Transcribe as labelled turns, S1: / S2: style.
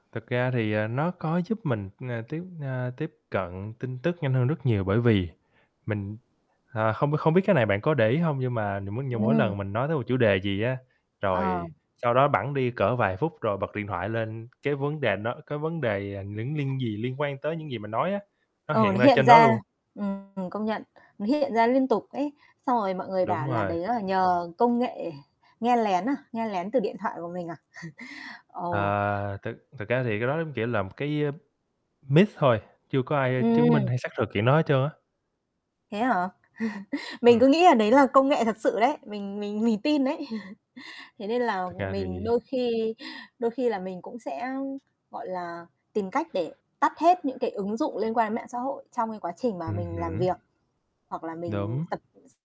S1: Thực ra thì, à, nó có giúp mình, ừm, tiếp, à, tiếp cận tin tức nhanh hơn rất nhiều bởi vì mình, ờ, hông hông biết cái này bạn có để ý hông, nhưng mà nh nhưng mà mỗi
S2: Ừm.
S1: lần mình nói tới một chủ đề gì á,
S2: Ờ.
S1: rồi sau đó bẵng đi cỡ vài phút rồi bật điện thoại lên cái vấn đề đó cái vấn đề, à, những liên gì liên quan tới những gì mình nói á, nó
S2: Ờ, nó
S1: hiện ra
S2: hiện
S1: trên đó
S2: ra.
S1: luôn.
S2: Ừm, ừm, công nhận. Nó hiện ra liên tục ấy. Xong rồi mọi người
S1: Đúng
S2: bảo là
S1: rồi.
S2: đấy là nhờ công nghệ nghe lén à? Nghe lén từ điện thoại của mình à? Ờ.
S1: Ờ. Thực thực ra thì cái đó giống, kiểu là, một cái, à, myth thôi, chưa có ai chứng minh
S2: Ừm!
S1: hay xác thực chuyện đó hết trơn á.
S2: Thế hả? Mình
S1: Ừm.
S2: cứ nghĩ là đấy là công nghệ thật sự đấy, mình mình mình tin đấy. Thế nên là
S1: Thật ra thì
S2: mình đôi khi đôi khi là mình cũng sẽ, gọi là, tìm cách để tắt hết những cái ứng dụng liên quan đến mạng xã hội trong cái quá trình mà
S1: Ừm
S2: mình làm việc
S1: hứm.
S2: hoặc là mình
S1: Đúng.
S2: tập s